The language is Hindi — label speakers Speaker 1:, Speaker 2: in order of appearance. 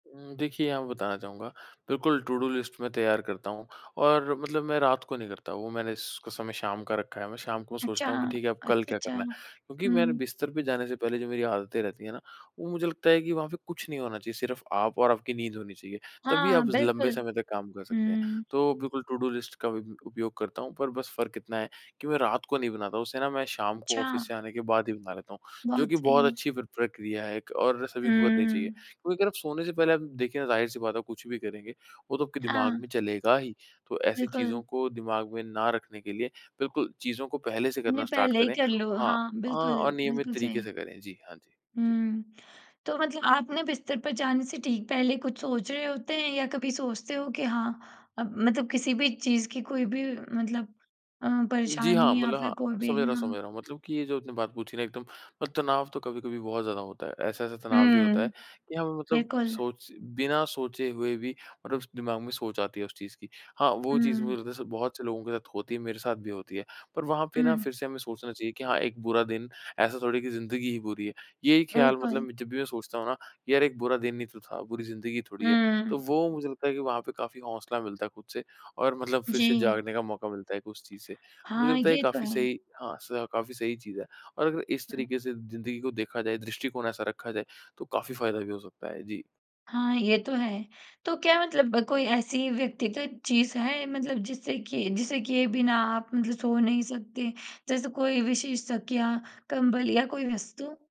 Speaker 1: उम, देखिए यहाँ पे बताना चाहूँगा बिल्कुल, टूडू लिस्ट मैं तैयार करता हूँ और मतलब मैं रात को नहीं करता वो मैंने इस का समय शाम का रखा है। मैं शाम को
Speaker 2: अच्छा
Speaker 1: सोचता हूँ कि
Speaker 2: हाँ।
Speaker 1: ठीक है अब कल
Speaker 2: अच्छा,
Speaker 1: क्या
Speaker 2: अच्छा।
Speaker 1: करना है। क्योंकि मैंने
Speaker 2: हुँ।
Speaker 1: बिस्तर पे जाने से पहले जो मेरी आदतें रहती हैं ना वो मुझे लगता है कि वहाँ पे कुछ नहीं होना चाहिए सिर्फ़ आप और आपकी नींद होनी चाहिए तभी
Speaker 2: हाँ,
Speaker 1: आप लंबे
Speaker 2: बिल्कुल।
Speaker 1: समय तक काम कर सकते हैं।
Speaker 2: हुँ।
Speaker 1: तो बिल्कुल टूडू लिस्ट का उपयोग करता हूँ पर बस फ़र्क इतना है कि मैं रात को नहीं बनाता। उसे ना मैं शाम को ऑफ़िस से
Speaker 2: अच्छा।
Speaker 1: आने के बाद ही बना लेता हूँ। जो कि
Speaker 2: बहुत सही
Speaker 1: बहुत
Speaker 2: है।
Speaker 1: अच्छी प्र प्रक्रिया है और सभी को करनी चाहिए।
Speaker 2: हुँ।
Speaker 1: क्योंकि अगर आप सोने से पहले आप देखिए ना ज़ाहिर-सी बात है कुछ भी करेंगे, वो तो आपके दिमाग
Speaker 2: हाँ।
Speaker 1: में चलेगा ही। तो ऐसी चीज़ों
Speaker 2: बिल्कुल।
Speaker 1: को दिमाग में ना रखने के लिए बिल्कुल चीज़ों को पहले से
Speaker 2: हमने
Speaker 1: करना स्टार्ट
Speaker 2: पहले ही
Speaker 1: करें।
Speaker 2: कर लो।
Speaker 1: हाँ,
Speaker 2: हाँ बिल्कुल,
Speaker 1: हाँ अनियमित
Speaker 2: बिल्कुल
Speaker 1: तरीक़े
Speaker 2: सही।
Speaker 1: से करें। जी, हाँ जी, जी।
Speaker 2: हुँ, तो मतलब आप ना बिस्तर पर जाने से ठीक पहले कुछ सोच रहे होते हैं या कभी सोचते हो कि हाँ मतलब किसी-भी चीज़ की कोई-भी मतलब अ,
Speaker 1: जी हाँ,
Speaker 2: परेशानी या
Speaker 1: मतलब
Speaker 2: फ़िर कोई
Speaker 1: हाँ
Speaker 2: भी
Speaker 1: समझ रहा हूँ
Speaker 2: या
Speaker 1: समझ रहा हूँ मतलब की ये जो आपने बात पूछी ना एकदम तनाव तो कभी-कभी बहुत ज़्यादा होता है। ऐसा-ऐसा तनाव भी होता है
Speaker 2: हुँ।
Speaker 1: कि हमें मतलब
Speaker 2: बिल्कुल।
Speaker 1: सोच बिना सोचे हुए भी मतलब दिमाग में सोच आती है उस चीज़ की हाँ वो चीज़ मुझे
Speaker 2: हुँ।
Speaker 1: लगता बहुत से लोगों के साथ होती है मेरे साथ भी होती है। पर वहाँ पे ना
Speaker 2: हुँ।
Speaker 1: फ़िर से हमें सोचना चाहिए कि हाँ एक बुरा दिन ऐसा थोड़ी है की ज़िंदगी ही बुरी है। यही ख्याल
Speaker 2: बिल्कुल।
Speaker 1: मतलब जब भी मैं सोचता हूँ ना यार एक बुरा दिन नहीं तो था बुरी ज़िंदगी थोड़ी है, तो
Speaker 2: हुँ।
Speaker 1: वो मुझे लगता है कि वहाँ पे काफ़ी हौसला मिलता है ख़ुद से और मतलब फ़िर से
Speaker 2: जी।
Speaker 1: जागने का मौका मिलता है उस चीज़ से। मुझे
Speaker 2: हाँ,
Speaker 1: लगता है ये
Speaker 2: ये तो
Speaker 1: काफ़ी
Speaker 2: है।
Speaker 1: सही हाँ काफ़ी सही चीज़ है और अगर इस
Speaker 2: हुँ।
Speaker 1: तरीक़े से ज़िंदगी को देखा जाए दृष्टिकोण ऐसा रखा जाए तो काफ़ी फ़ायदा भी हो सकता है जी।
Speaker 2: हाँ, ये तो है। तो क्या मतलब कोई ऐसी व्यक्तिगत चीज़ है मतलब जिससे कि जिसे किए बिना आप मतलब सो नहीं सकते? जैसे कोई विशेष तकिया, कंबल या कोई वस्तु?